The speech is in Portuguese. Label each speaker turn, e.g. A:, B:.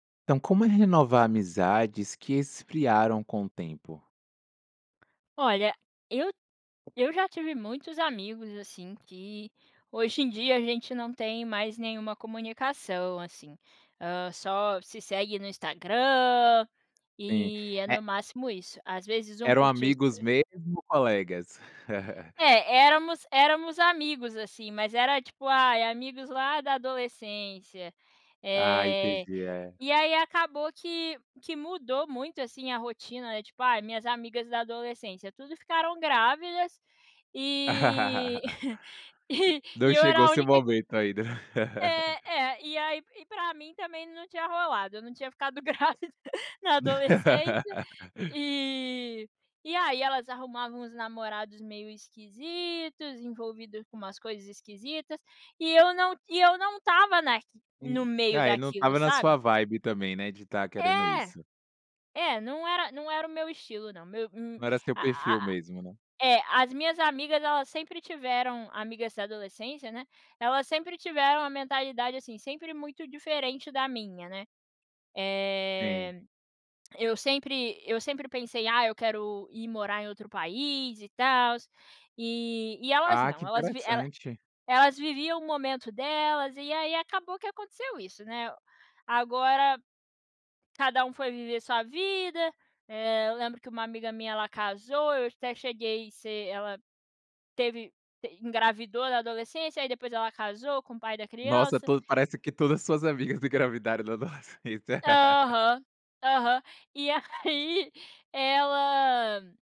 A: Então, como renovar amizades que esfriaram com o tempo?
B: Olha, eu eu já tive muitos amigos, assim, que hoje em dia a gente não tem mais nenhuma comunicação, assim. Hã, só se segue no Instagram,
A: Sim,
B: e é
A: e
B: no máximo isso. Às vezes um
A: eram
B: curti as
A: amigos
B: se
A: mesmo ou colegas?
B: É, éramos éramos amigos, assim, mas era tipo, ai amigos lá da adolescência.
A: Ah, entendi,
B: Eh,
A: é.
B: e aí acabou que que mudou muito, assim, a rotina, tipo, ai, minhas amigas da adolescência tudo ficaram grávidas e e
A: Não
B: eu era
A: chegou o
B: a
A: seu
B: única
A: momento ainda.
B: É, é. E aí e pra mim também não tinha rolado, eu não tinha ficado grávida na adolescência. E e aí elas arrumavam uns namorados meio esquisitos, envolvido com umas coisas esquisitas, e eu não e eu não estava na no
A: Hum.
B: meio
A: Ah, e não
B: daquilo,
A: estava na sua
B: sabe?
A: vibe, também, né, de estar querendo
B: É!
A: isso.
B: É, não era não era o meu estilo, não. Meu um
A: Não era seu
B: a a
A: perfil mesmo, né?
B: é as minhas amigas elas sempre tiveram, amigas da adolescência, né, elas sempre tiveram a mentalidade, assim, sempre muito diferente da minha, né.
A: Sim.
B: Eh, eu sempre eu sempre pensei: "Ah, eu quero ir morar em outro país e tals", e e elas
A: Ah,
B: não,
A: que
B: elas vi ela
A: interessante.
B: elas viviam o momento delas e aí acabou que aconteceu isso, né? Agora cada um foi viver sua vida. Eh, eu lembro que uma amiga minha ela casou, eu até cheguei ser ela teve, te engravidou na adolescência, aí depois ela casou com o pai da
A: Nossa,
B: criança.
A: tudo parece que todas as suas amigas engravidaram na adolescência.
B: Aham, aham. E aí ela